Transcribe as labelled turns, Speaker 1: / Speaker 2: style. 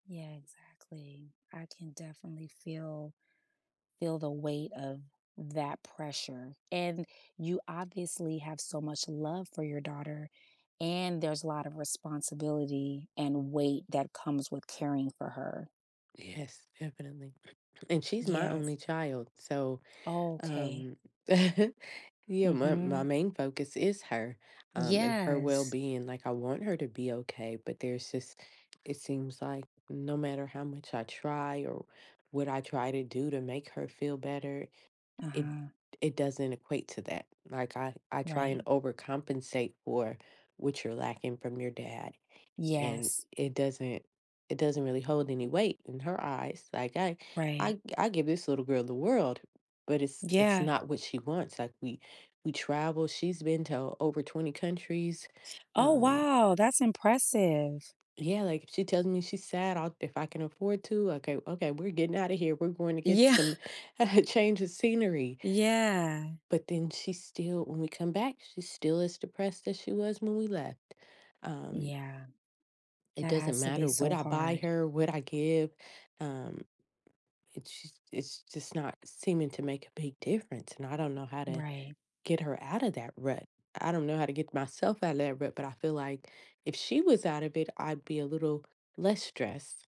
Speaker 1: Yeah, exactly. I can definitely feel feel the weight of that pressure, and you obviously have so much love for your daughter, and there's a lot of responsibility and weight that comes with caring for her.
Speaker 2: Yes, definitely and she's my
Speaker 1: Yes.
Speaker 2: only child, so,
Speaker 1: Okay.
Speaker 2: um Yeah, my my
Speaker 1: Mhm.
Speaker 2: main focus is her, um, and her
Speaker 1: Yes.
Speaker 2: well-being, like, I want her to be okay, but there's this it seems like, no matter how much I try, or what I try to do to make her feel better, it
Speaker 1: Uh-huh.
Speaker 2: it doesn't equate to that, like, "I I try
Speaker 1: Right.
Speaker 2: and overcompensate for what you're lacking from your dad." And,
Speaker 1: Yes.
Speaker 2: it doesn't it doesn't really hold any weight in her eyes. Like, I
Speaker 1: Right.
Speaker 2: I I give this little girl the world, but it's it's
Speaker 1: Yeah.
Speaker 2: not what she wants, like, we we travel, she's been to o over 20 countries,
Speaker 1: Oh,
Speaker 2: um
Speaker 1: wow, that's impressive.
Speaker 2: Yeah like, if she tells me she's sad, I'll if I can afford to, like, I "Okay, okay, we're getting outta here. We're going to get
Speaker 1: Yeah.
Speaker 2: some a change of scenery."
Speaker 1: Yeah.
Speaker 2: But then, she's still when we come back, she's still as depressed as she was when we left. Um
Speaker 1: Yeah.
Speaker 2: It
Speaker 1: That
Speaker 2: doesn't
Speaker 1: has to be
Speaker 2: matter what
Speaker 1: so
Speaker 2: I buy
Speaker 1: hard.
Speaker 2: her, what I give. Um, it's just it's just not seeming to make a big difference, and I don't know how to
Speaker 1: Right.
Speaker 2: get her outta that rut. I don't know how to get myself out of that rut, but I feel like, if she was out of it, I'd be a little less stressed.